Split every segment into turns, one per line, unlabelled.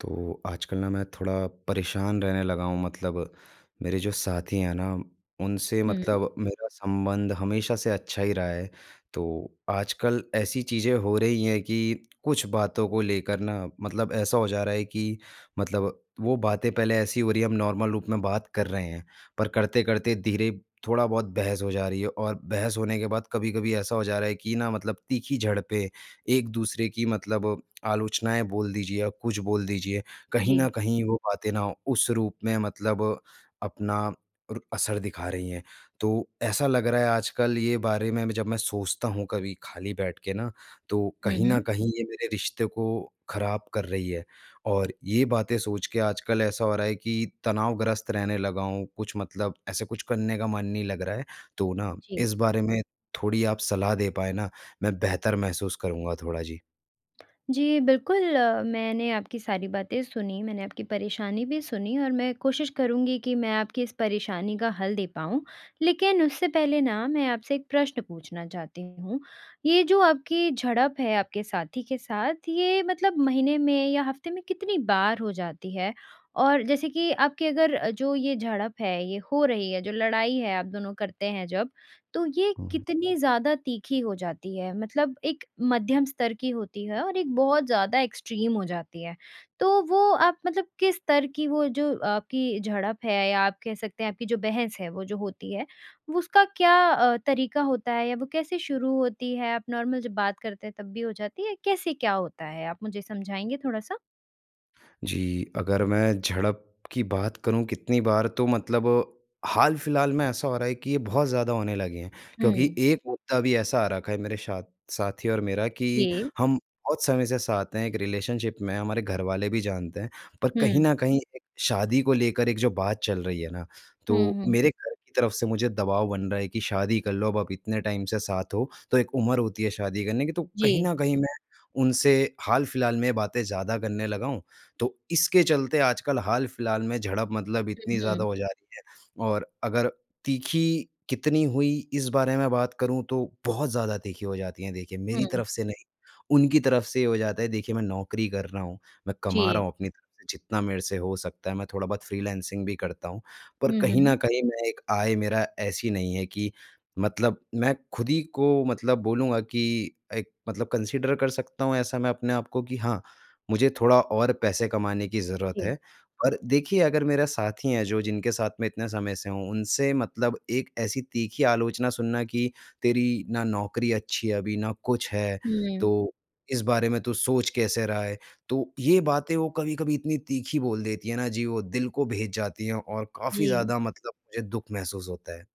तो आजकल न मैं थोड़ा परेशान रहने लगा हूँ मतलब, मेरे जो साथी हैं न उनसे
हुँ।
मतलब मेरा संबंध हमेशा से अच्छा ही रहा है, तो आजकल ऐसी चीज़ें हो रही हैं कि कुछ बातों को लेकर न मतलब ऐसा हो जा रहा है कि मतलब वो बातें पहले ऐसी हो रही है हम नॉर्मल रूप में बात कर रहे हैं, पर करते-करते धीरे थोड़ा-बहुत बहस हो जा रही है और बहस होने के बाद कभी-कभी ऐसा हो जा रहा है कि न मतलब तीखी झड़पें एक-दूसरे की मतलब आलोचनाएँ बोल दीजिए या कुछ बोल दीजिए, कहीं न
जी।
कहीं वो बातें न उस रूप में मतलब अपना अर असर दिखा रही हैं। तो ऐसा लग रहा है आजकल ये बारे में जब मैं सोचता हूँ कभी खाली बैठ के न, तो
हुँ,
कहीं न
हुँ।
कहीं ये मेरे रिश्ते को ख़राब कर रही है और ये बातें सोच के आजकल ऐसा हो रहा है कि तनावग्रस्त रहने लगा हूँ कुछ मतलब ऐसे कुछ करने का मन नहीं लग रहा है, तो न
जी।
इस बारे में थोड़ी आप सलाह दे पाएँ न, मैं बेहतर महसूस करूँगा थोड़ा जी।
जी, बिल्कुल, मैंने आपकी सारी बातें सुनी, मैंने आपकी परेशानी भी सुनी और मैं कोशिश करूँगी कि मैं आपकी इस परेशानी का हल दे पाऊँ, लेकिन उससे पहले न मैं आपसे एक प्रश्न पूछना चाहती हूँ। ये जो आपकी झड़प है आपके साथी के साथ ये मतलब महीने में या हफ़्ते में कितनी बार हो जाती है? और जैसे कि आपकी अगर जो ये झड़प है ये हो रही है जो लड़ाई है दोनों करते हैं जब, तो ये
हुँ।
कितनी ज़्यादा तीखी हो जाती है मतलब एक मध्यम स्तर की होती है और एक बहुत ज़्यादा एक्सट्रीम हो जाती है, तो वो आप मतलब किस स्तर की वो जो आपकी झड़प है या आप कह सकते हैं आपकी जो बहस है वो जो होती है, वो उसका क्या अ, तरीका होता है या वो कैसे शुरू होती है आप नॉर्मल जब बात करते हैं तब भी हो जाती है? कैसे क्या होता है आप मुझे समझाएँगे थोड़ा-सा?
जी, अगर मैं झड़प की बात करूँ कितनी बार तो मतलब हाल-फिलहाल में ऐसा हो रहा है कि ये बहुत ज़्यादा होने लगे हैं। क्योंकि
हुँ।
एक मुद्दा भी ऐसा आ रखा है, मेरे साथ साथी और मेरा कि
जी।
हम बहुत समय से साथ हैं एक रिलेशनशिप में हमारे घरवाले भी जानते हैं। पर कहीं
हुँ।
न कहीं एक शादी को लेकर एक जो बात चल रही है ना,
हुँ,
तो
हुँ।
मेरे घर की तरफ से मुझे दबाव बन रहा है कि शादी कर लो अब, आप इतने टाइम से साथ हो, तो एक उम्र होती है शादी करने की, तो कहीं
जी।
न कहीं मैं उनसे हाल-फिलहाल में बातें ज़्यादा करने लगा हूँ। तो इसके चलते आजकल हाल-फिलहाल में झड़प मतलब
हुँ,
इतनी
हुँ।
ज़्यादा हो जा रही है और अगर तीखी कितनी हुई इस बारे में बात करूँ, तो बहुत ज़्यादा तीखी हो जाती हैं। देखिए, मेरी
हुँ।
तरफ से नहीं, उनकी तरफ से ये हो जाता है, देखिए मैं नौकरी कर रहा हूँ, मैं कमा
जी।
रहा हूँ, अपनी तरफ से जितना मेरे से हो सकता है, मैं थोड़ा-बहुत फ्रीलांसिंग भी करता हूँ। पर
हुँ,
कहीं न
हुँ।
कहीं, मैं एक आय मेरा ऐसी नहीं है कि मतलब मैं खुद ही को मतलब बोलूँगा कि एक मतलब कंसिडर कर सकता हूँ, ऐसा मैं अपने आप को कि हाँ, मुझे थोड़ा और पैसे कमाने की ज़रूरत
जी।
है। और देखिए अगर मेरा साथी हैं, जो जिनके साथ मैं इतने समय से हूँ, उनसे मतलब एक ऐसी तीखी आलोचना सुनना कि तेरी ना नौकरी अच्छी है अभी, ना कुछ है,
हुँ।
तो इस बारे में तू सोच कैसे रहा है। तो ये बातें वो कभी-कभी इतनी तीखी बोल देती है ना, जी वो दिल को भेद जाती हैं और काफ़ी
जी।
ज़्यादा मतलब मुझे दुःख महसूस होता है।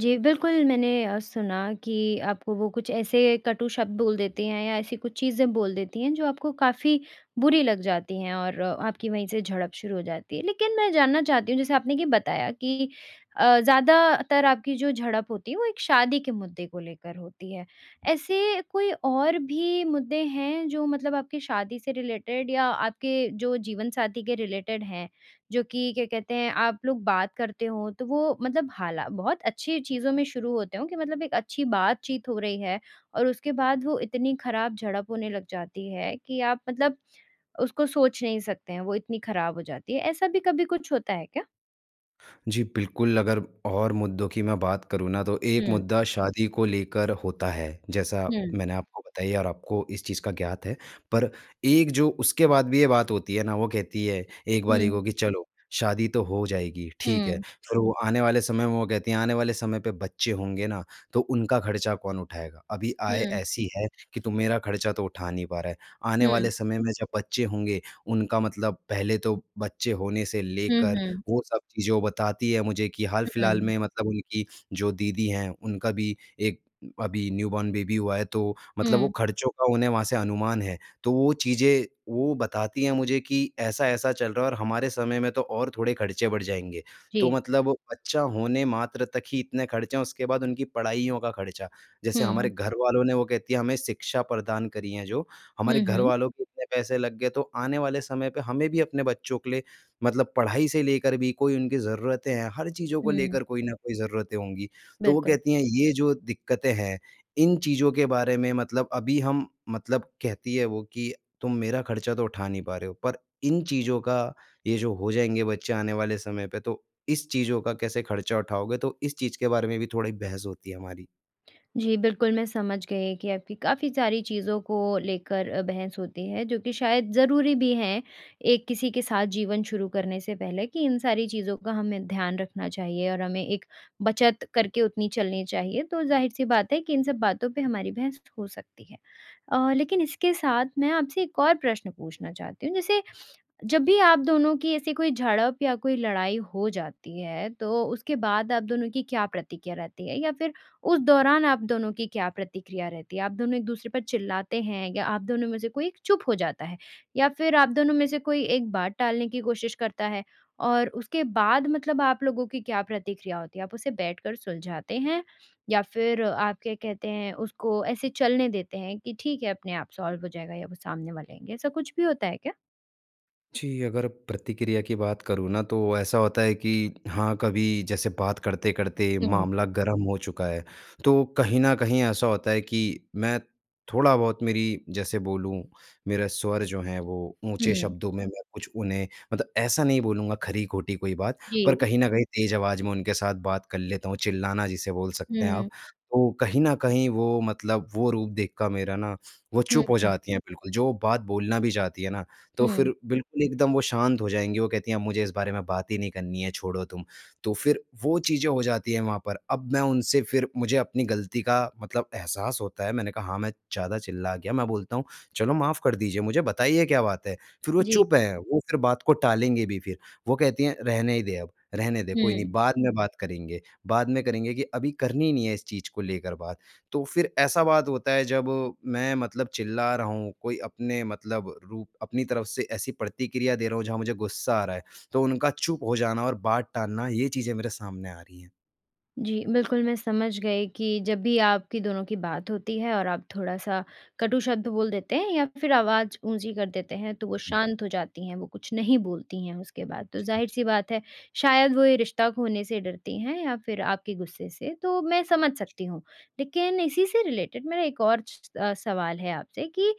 जी, बिल्कुल मैंने अ, सुना कि आपको वो कुछ ऐसे कटू शब्द बोल देते हैं या ऐसी कुछ चीज़ें बोल देती हैं जो आपको काफ़ी बुरी लग जाती हैं और अ, आपकी वहीं से झड़प शुरू हो जाती है। लेकिन मैं जानना चाहती हूँ जैसे आपने ये बताया कि अ, ज़्यादातर आपकी जो झड़प होती है वो एक शादी के मुद्दे को लेकर होती है। ऐसे कोई और भी मुद्दे हैं जो मतलब आपकी शादी से रिलेटेड या आपके जो जीवनसाथी के रिलेटेड हैं? जो कि क्या कहते हैं आप लोग बात करते हो तो वो मतलब हाला बहुत अच्छी चीज़ों में शुरू होते हैं कि मतलब एक अच्छी बातचीत हो रही है। और उसके बाद वो इतनी ख़राब झड़प होने लग जाती है कि आप मतलब उसको सोच नहीं सकते हैं वो इतनी ख़राब हो जाती है। ऐसा भी कभी कुछ होता है क्या?
जी, बिल्कुल अगर और मुद्दों की मैं बात करूँ ना तो एक
हुँ।
मुद्दा शादी को लेकर होता है। जैसा
हुँ।
मैंने आपको बताई है और आपको इस चीज़ का ज्ञात है। पर एक जो उसके बाद भी ये बात होती है ना, वो कहती है एक बारी
हुँ।
को, कि चलो शादी तो हो जाएगी, ठीक है।
हुँ।
फ़िर वो आने वाले समय में वो कहती हैं आने वाले समय पे बच्चे होंगे ना, तो उनका ख़र्चा कौन उठाएगा? अभी आय
हुँ।
ऐसी है कि तू मेरा ख़र्चा तो उठा नहीं पा रहा है। आने
हुँ।
वाले समय में जब बच्चे होंगे उनका मतलब पहले तो बच्चे होने से
हुँ,
लेकर
हुँ।
वो सब चीज़ें बताती है मुझे कि हाल-फिलहाल
हुँ।
में मतलब उनकी जो दीदी हैं उनका भी एक अभी न्यूबॉर्न बेबी हुआ है। तो मतलब वो
हुँ।
ख़र्चों का उन्हें वहाँ से अनुमान है तो वो चीज़ें वो बताती हैं मुझे कि ऐसा-ऐसा चल रहा है और हमारे समय में तो और थोड़े ख़र्चे बढ़ जाएँगे। तो
जी।
मतलब वो बच्चा होने मात्र तक ही इतने ख़र्चे हैं उसके बाद उनकी पढ़ाइयों का ख़र्चा। जैसे हमारे
हुँ।
घर वालों ने वो कहती है हमें शिक्षा प्रदान करी जो हमारे
हुँ,
घर
हुँ।
वालों के इतने पैसे लग गए तो आने वाले समय पर हमें भी अपने बच्चों के लिए मतलब पढ़ाई से लेकर भी कोई उनकी ज़रूरतें हैं हर चीज़ों को
हुँ।
लेकर कोई न कोई ज़रूरतें होंगी। तो वो
बिल्कुल।
कहती हैं ये जो दिक्कतें हैं इन चीज़ों के बारे में मतलब अभी हम मतलब कहती है वो कि तुम मेरा ख़र्चा तो उठा नहीं पा रहे हो पर इन चीज़ों का ये जो हो जाएँगे बच्चे आने वाले समय पे तो इस चीज़ों का कैसे ख़र्चा उठाओगे। तो इस चीज़ के बारे में भी थोड़ी बहस होती है हमारी।
जी। बिल्कुल, मैं समझ गई कि आपकी काफ़ी सारी चीज़ों को लेकर अ, बहस होती है जो कि शायद ज़रूरी भी है। एक किसी के साथ जीवन शुरू करने से पहले कि इन सारी चीज़ों का हमें ध्यान रखना चाहिए। और हमें एक बचत करके उतनी चलनी चाहिए तो ज़ाहिर-सी
जी।
बात है कि इन सब बातों पे हमारी बहस हो सकती है। अ, लेकिन इसके साथ मैं आपसे एक और प्रश्न पूछना चाहती हूँ। जैसे, जब भी आप दोनों की ऐसी कोई झड़प या कोई लड़ाई हो जाती है तो उसके बाद आप दोनों की क्या प्रतिक्रिया रहती है? या फ़िर उस दौरान आप दोनों की क्या प्रतिक्रिया रहती है? आप दोनों एक-दूसरे पर चिल्लाते हैं या आप दोनों में से कोई एक चुप हो जाता है? या फ़िर आप दोनों में से कोई एक बात टालने की कोशिश करता है? और उसके बाद मतलब आप लोगों की क्या प्रतिक्रिया होती है आप उसे बैठ कर सुलझाते हैं या फ़िर आप क्या कहते हैं उसको ऐसे चलने देते हैं कि ठीक है अपने आप सॉल्व हो जाएगा या वो सामने वाले आएँगे? ऐसा कुछ भी होता है क्या?
जी, अगर प्रतिक्रिया की बात करूँ ना तो ऐसा होता है कि हाँ कभी जैसे बात करते-करते
हुँ।
मामला गर्म हो चुका है। तो कहीं न कहीं ऐसा होता है कि मैं थोड़ा-बहुत मेरी जैसे बोलूँ मेरा स्वर जो है वो ऊँचे
हुँ।
शब्दों में मैं कुछ उन्हें मतलब ऐसा नहीं बोलूँगा ख़री-ख़ोटी कोई बात, पर
जी।
कहीं न कहीं तेज़ आवाज़ में उनके साथ बात कर लेता हूँ चिल्लाना जिसे बोल सकते हैं आप।
हुँ।
तो कहीं न कहीं वो मतलब वो रूप देख कर मेरा ना वो
हुँ,
चुप हो
हुँ।
जाती हैं बिल्कुल जो बात बोलना भी चाहती है ना, तो
हुँ।
फ़िर बिल्कुल एकदम वो शांत हो जाएँगी। वो कहती हैं, "मुझे इस बारे में बात ही नहीं करनी है छोड़ो तुम।" तो फ़िर वो चीज़ें हो जाती है वहाँ पर। अब मैं उनसे फ़िर मुझे अपनी ग़लती का मतलब एहसास होता है। मैंने कहा हाँ, मैं ज़्यादा चिल्ला गया मैं बोलता हूँ चलो माफ़ कर दीजिए मुझे। बताइए क्या बात है? फ़िर वो
जी।
चुप है वो फ़िर बात को टालेंगे भी फ़िर। वो कहती हैं, "रहने ही दे, अब रहने दे कोई नहीं
हुँ।
बाद में बात करेंगे। बाद में करेंगे कि अभी करनी ही नहीं है इस चीज़ को लेकर बात।" तो फ़िर ऐसा बात होता है जब मैं मतलब चिल्ला रहा हूँ कोई अपने मतलब रूप अपनी तरफ़ से ऐसी प्रतिक्रिया दे रहा हूँ जहाँ मुझे गुस्सा आ रहा है तो उनका चुप हो जाना और बात टालना ये चीज़ें मेरे सामने आ रही हैं।
जी, बिल्कुल मैं समझ गई कि जब भी आपकी दोनों की बात होती है और आप थोड़ा-सा कटू शब्द बोल देते हैं या फ़िर आवाज़ ऊँची कर देते हैं। तो वो
हाँ जी।
शांत हो जाती हैं, वो कुछ नहीं बोलती हैं। उसके बाद तो
जी।
ज़ाहिर-सी बात है शायद वो ये रिश्ता खोने से डरती हैं। या फ़िर आपके गुस्से से। तो मैं समझ
जी।
सकती हूँ। लेकिन इसी से रिलेटेड मेरा एक और स स सवाल है आपसे कि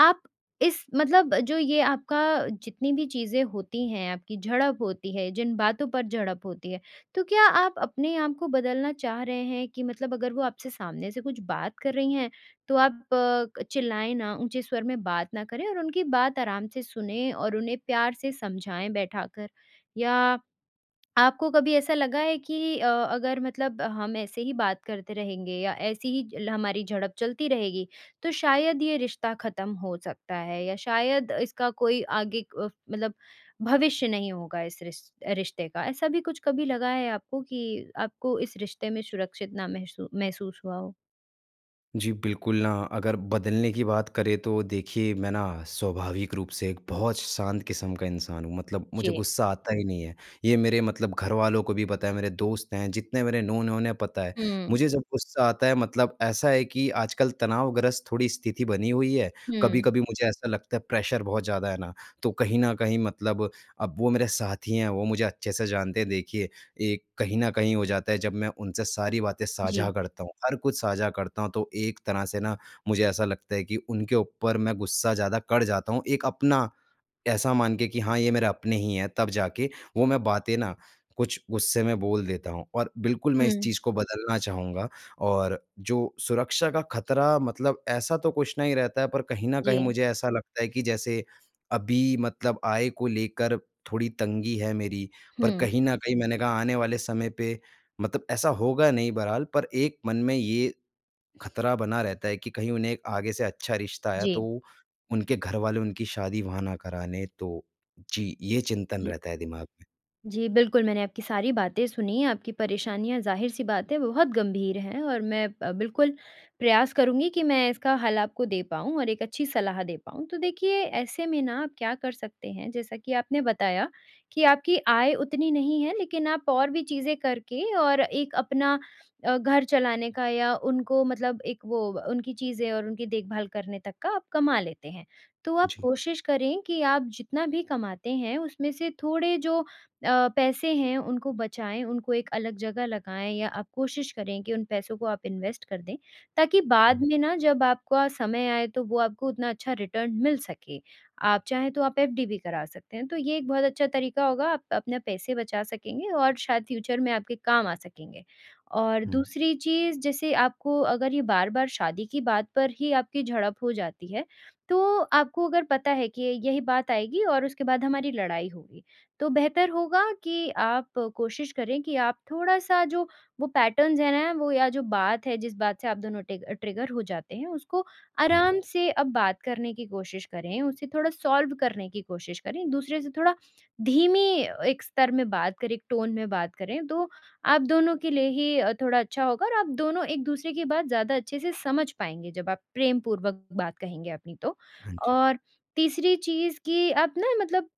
आप इस मतलब जो ये आपका जितनी भी चीज़ें होती हैं। आपकी झड़प होती है? जिन बातों पर झड़प होती है? तो क्या आप अपने आप को बदलना चाह रहे हैं? कि मतलब अगर वो आपसे सामने से कुछ बात कर रही हैं। तो आप अ, चिल्लाएँ ना, ऊँचे स्वर में बात ना करें। और उनकी बात आराम से सुनें और उन्हें प्यार से समझाएँ बैठाकर। या आपको कभी ऐसा लगा है कि अ, अगर मतलब हम ऐसे ही बात करते रहेंगे। या ऐसे ही ल हमारी झड़प चलती रहेगी तो शायद ये रिश्ता ख़त्म हो सकता है? या शायद इसका कोई आगे अ, मतलब भविष्य नहीं होगा। इस रिश रिश्ते का ऐसा भी कुछ कभी लगा है आपको कि आपको इस रिश्ते में सुरक्षित ना, महसू महसूस हुआ हो?
जी, बिल्कुल, अगर बदलने की बात करें तो देखिए मैं ना स्वाभाविक रूप से एक बहुत श शांत किस्म का इंसान हूँ मतलब मुझे
जी।
गुस्सा आता ही नहीं है। ये मेरे मतलब घरवालों को भी पता है, मेरे दोस्त हैं जितने मेरे नोन हैं, उन्हें पता है।
हुँ।
मुझे जब गुस्सा आता है मतलब ऐसा है कि आजकल तनावग्रस्त थोड़ी स्थिति बनी हुई है,
हुँ।
कभी-कभी मुझे ऐसा लगता है प्रेशर बहुत ज़्यादा है ना, तो कहीं न कहीं मतलब अब वो मेरे साथी हैं, वो मुझे अच्छे से जानते हैं। देखिए, एक कहीं न कहीं हो जाता है जब मैं उनसे सारी बातें साझा
जी।
करता हूँ, हर कुछ साझा करता हूँ तो एक तरह से ना मुझे ऐसा लगता है कि उनके ऊपर मैं गुस्सा ज़्यादा कर जाता हूँ, एक अपना ऐसा मान के कि हाँ, ये मेरा अपने ही हैं तब जाके वो मैं बातें ना कुछ गुस्से में बोल देता हूँ। और बिल्कुल मैं इस
हुँ।
चीज़ को बदलना चाहूँगा और जो सुरक्षा का ख़तरा मतलब ऐसा तो कुछ नहीं रहता है पर कहीं न कहीं
जी।
मुझे ऐसा लगता है कि जैसे अभी मतलब आय को लेकर थोड़ी तंगी है मेरी। पर
हुँ।
कहीं न कहीं मैंने कहा आने वाले समय पे मतलब ऐसा होगा नहीं बरहाल पर एक मन में ये, ख़तरा बना रहता है कि कहीं उन्हें आगे से अच्छा रिश्ता आया तो
जी।
उनके घर वाले उनकी शादी वहाँ ना कराने तो जी। ये चिंतन
जी।
रहता है दिमाग में।
जी। बिल्कुल, मैंने आपकी सारी बातें सुनी, आपकी परेशानियाँ जाहिर सी बात है बहुत गंभीर हैं और मैं अ, बिल्कुल प्रयास करूँगी कि मैं इसका हल आपको दे पाऊँ और एक अच्छी सलाह दे पाऊँ। तो देखिए ऐसे में ना आप क्या कर सकते हैं जैसा कि आपने बताया, कि आपकी आय उतनी नहीं है लेकिन आप और भी चीज़ें करके और एक अपना अ, घर चलाने का या उनको मतलब एक वो उनकी चीज़ें और उनकी देखभाल करने तक का आप कमा लेते हैं। तो आप
जी।
कोशिश करें कि आप जितना भी कमाते हैं उसमें से थोड़े जो अ, पैसे हैं उनको बचाएँ उनको एक अलग जगह लगाएँ या आप कोशिश करें कि उन पैसों को आप इन्वेस्ट कर दें। ताकि बाद
हुँ।
में ना जब आपका समय आए तो वो आपको उतना अच्छा रिटर्न मिल सके, आप चाहें तो आप एफडी भी करा सकते हैं तो ये एक बहुत अच्छा तरीका होगा आप अपने पैसे बचा सकेंगे और शायद फ्यूचर में आपके काम आ सकेंगे। और
हुँ।
दूसरी चीज़ जैसे आपको अगर ये बार-बार शादी की बात पर ही आपकी झड़प हो जाती है, तो आपको अगर पता है कि य यही बात आएगी और उसके बाद हमारी लड़ाई होगी। तो बेहतर होगा कि आप आप कोशिश करें कि आप थोड़ा-सा जो वो पैटर्न्स है ना, वो या जो बात है जिस बात से आप दोनों टिग ट्रिगर हो जाते हैं उसको
हुँ।
आराम से अब बात करने की कोशिश करें उसे थोड़ा सॉल्व करने की कोशिश करें एक-दूसरे से थोड़ा धीमी एक स्तर में बात करें। एक टोन में बात करें। तो आप दोनों के लिए ही अ, थोड़ा अच्छा होगा और आप दोनों एक-दूसरे की बात ज़्यादा अच्छे से समझ पाएँगे जब आप प्रेमपूर्वक बात कहेंगे अपनी तो,
हाँ जी।
और तीसरी चीज़ कि आप ना मतलब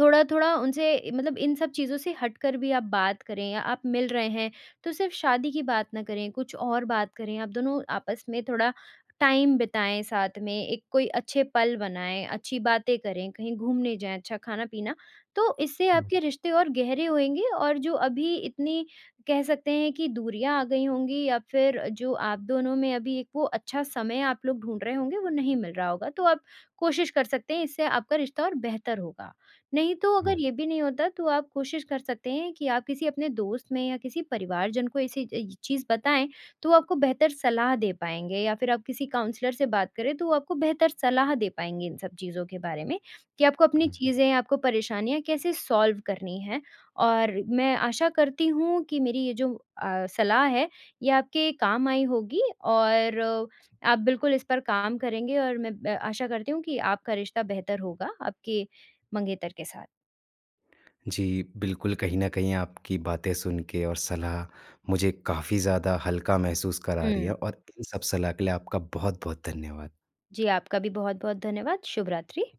थोड़ा-थोड़ा उनसे मतलब इन सब चीज़ों से हटकर भी आप बात करें या आप मिल रहे हैं तो सिर्फ शादी की बात ना करें कुछ और बात करें। आप दोनों आपस में थोड़ा टाइम बिताएँ साथ में, एक कोई अच्छे पल बनाएँ, अच्छी बातें करें, कहीं घूमने जाएँ अच्छा खाना-पीना, तो इससे
हुँ।
आपके रिश्ते और गहरे होएँगे और जो अभी इतनी कह सकते हैं कि दूरियाँ आ गई होंगी या फिर जो आप दोनों में अभी एक वो अच्छा समय आप लोग ढूँढ रहे होंगे वो नहीं मिल रहा होगा तो आप कोशिश कर सकते हैं इससे आपका रिश्ता और बेहतर होगा। नहीं तो अगर
हुँ।
ये भी नहीं होता तो आप कोशिश कर सकते हैं कि आप किसी अपने दोस्त में या किसी परिवारजन को ऐसी चीज़ बताएँ तो वो आपको बेहतर सलाह दे पाएँगे या फिर आप किसी काउंसलर से बात करें तो वो आपको बेहतर सलाह दे पाएँगे इन सब चीज़ों के बारे में, कि आपको अपनी
हुँ।
चीज़ें, आपको परेशानियाँ कैसे सॉल्व करनी है और मैं आशा करती हूँ कि मेरी ये जो अ, सलाह है, ये आपके काम आई होगी और आप बिल्कुल इस पर काम करेंगे और मैं मैं आशा करती हूँ कि आपका रिश्ता बेहतर होगा आपके मंगेतर के साथ।
जी, बिल्कुल, कहीं न कहीं आपकी बातें सुन के और सलाह मुझे काफ़ी ज़्यादा हल्का महसूस करा रही
हुँ।
है। और इन सब सलाह के लिए आपका बहुत-बहुत धन्यवाद।
जी, आपका भी बहुत-बहुत धन्यवाद, शुभ रात्रि।